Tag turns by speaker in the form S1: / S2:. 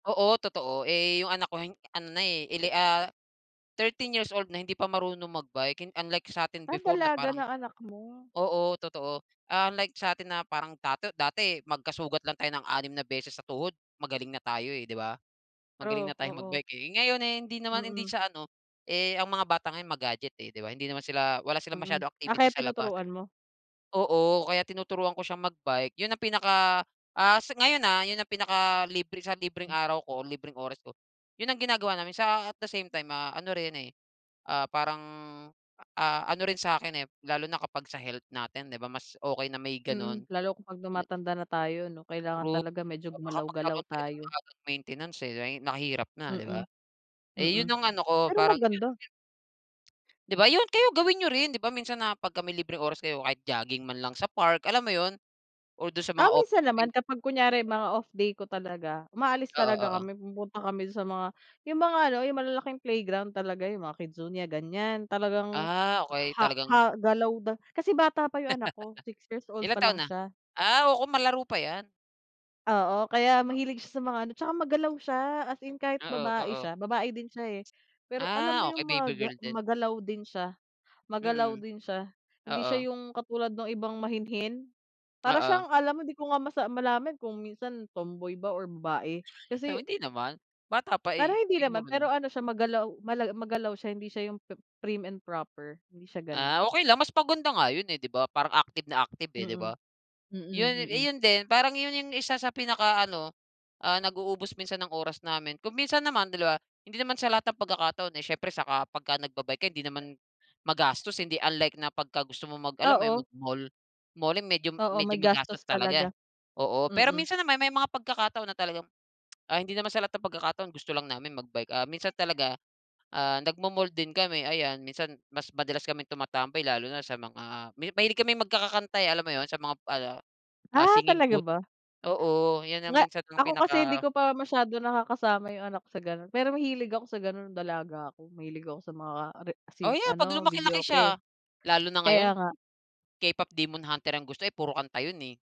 S1: Oo, totoo. Eh, yung anak ko hin ano na, eh, ele ah, 13 years old na hindi pa marunong mag-bike. Hin unlike sa'tin
S2: Ah,
S1: before na
S2: dalaga
S1: parang
S2: na anak mo.
S1: oo, totoo. Unlike sa'tin na parang dato dati magkasugat lang tayo ng 6 na beses sa tuhod magaling na tayo, eh, di ba? Magaling
S2: True,
S1: na tayong
S2: oo.
S1: mag-bike, eh. Ngayon, eh, hindi naman hindi
S2: Mm.
S1: siya ano, eh, ang mga bata ngayon ma-gadget, eh, di ba? Hindi naman sila wala silang
S2: Mm.
S1: masyadong
S2: Ah,
S1: activity
S2: kaya
S1: sa labas, eh.
S2: tinuturuan mo.
S1: Oo, kaya tinuturuan ko siyang mag-bike. Yun ang pinaka, ah, sa ngayon, ah, yun ang pinakalibre sa libreng araw ko, libreng oras ko, yun ang ginagawa namin sa at the same time, ah, ano rin, eh, ah, parang, ah, ano rin sa'kin, eh, lalo na kapag sa health natin, di ba? Mas okey na may
S2: Mm.
S1: gano'n
S2: Lalo kapag
S1: na
S2: tumatanda na tayo 'no kailangan
S1: Rout
S2: talaga medyo
S1: baka
S2: gumalaw-galaw
S1: magkaroon tayo ng
S2: tayo.
S1: maagang maintenance, eh, ay mahirap na, di ba?
S2: Mm.
S1: Eh ,yun
S2: Mm.
S1: ang ano ko,
S2: Pero
S1: parang yun ang
S2: maganda.
S1: gina Di ba, yun. Kayo gawin niyo rin. Di ba minsan na pagka may libreng oras kayo kahit jogging man lang sa park, alam mo yun, or dun sa
S2: Ah,
S1: mga
S2: minsan
S1: open space.
S2: naman kapag kunyari mga off day ko talaga umaalis
S1: Oo,
S2: talaga
S1: oo.
S2: kami, pumupunta kami dun sa mga yung mga ano, yung malalaking playground talaga, yung mga KidZania, ganyan. Talagang
S1: Ah, okey.
S2: ha ha
S1: Talagang
S2: galaw da kasi bata pa yung anak ko, 6 years old pa
S1: Ilang taon
S2: lang
S1: na?
S2: siya.
S1: Ah, oo, malaro pa 'yan.
S2: Oo. Kaya mahilig siya sa mga ano, tsaka magalaw siya. As in kahit
S1: Oo,
S2: babae
S1: oo.
S2: siya, babae din siya, eh. Pero alam mo
S1: Ah, okey.
S2: yung
S1: Baby
S2: maga
S1: girl din.
S2: magalaw din siya. Magalaw
S1: Mm.
S2: din siya. Hindi siya
S1: Oo.
S2: yung katulad nung ibang mahinhin. Para
S1: Oo.
S2: siyang alam mo hindi ko nga masa malaman kung minsan tomboy ba or babae
S1: Pero
S2: kasi
S1: hindi naman. Bata pa,
S2: Parang
S1: eh,
S2: hindi naman,
S1: siguro
S2: pero
S1: 'no.
S2: ano siya, magalaw mala magalaw siya, hindi siya yung pi prim and proper. Hindi siya ganun.
S1: Ah, okey lang. Mas maganda nga yun, eh, di ba parang active na active, eh, di
S2: Mm.
S1: ba? Yun,
S2: Mm,
S1: eh,
S2: mm.
S1: yun din, parang yun yung isa sa pinakaano, ah, nag-uubos minsan ng oras namin. Kung minsan naman 2 hindi naman sa lahat ng pagkakataon, eh, siyempre saka pagka nagba-bike ka hindi naman magastos, hindi unlike na pagka gusto mo mag alam yun,
S2: Oo.
S1: mag-mall. Mall, eh, medyo
S2: Oo,
S1: medyo magastos
S2: magastos
S1: talaga.
S2: talaga.
S1: Oo, pero
S2: Mm.
S1: minsan naman may mga pagkakataon na talagang, ah, hindi naman sa lahat ng pagkakataon gusto lang namin mag-bike. Ah, minsan talaga, ah, nagma-mall din kami, ayan. Minsan mas madalas kaming tumatambay lalo na sa mga mi mahilig kaming magkakakanta. eh. Alam mo yun sa mga ano, ah,
S2: Ah,
S1: singing
S2: talaga
S1: booth.
S2: ba?
S1: Oo, 'yan ang
S2: Nga
S1: minsan ang
S2: ako kasi hindi
S1: pinaka
S2: ko pa masyado nakakasama yung anak sa gano'n, pero mahilig ako sa ganun nung dalaga ako. Mahilig ako sa mga re sin
S1: Oh, 'yan 'pag
S2: ano,
S1: lumaki-laki
S2: videoke.
S1: siya. Lalo na
S2: Kaya
S1: ngayon
S2: nga.
S1: K-pop Demon Hunter ang gusto, eh, puro kanta yun, eh.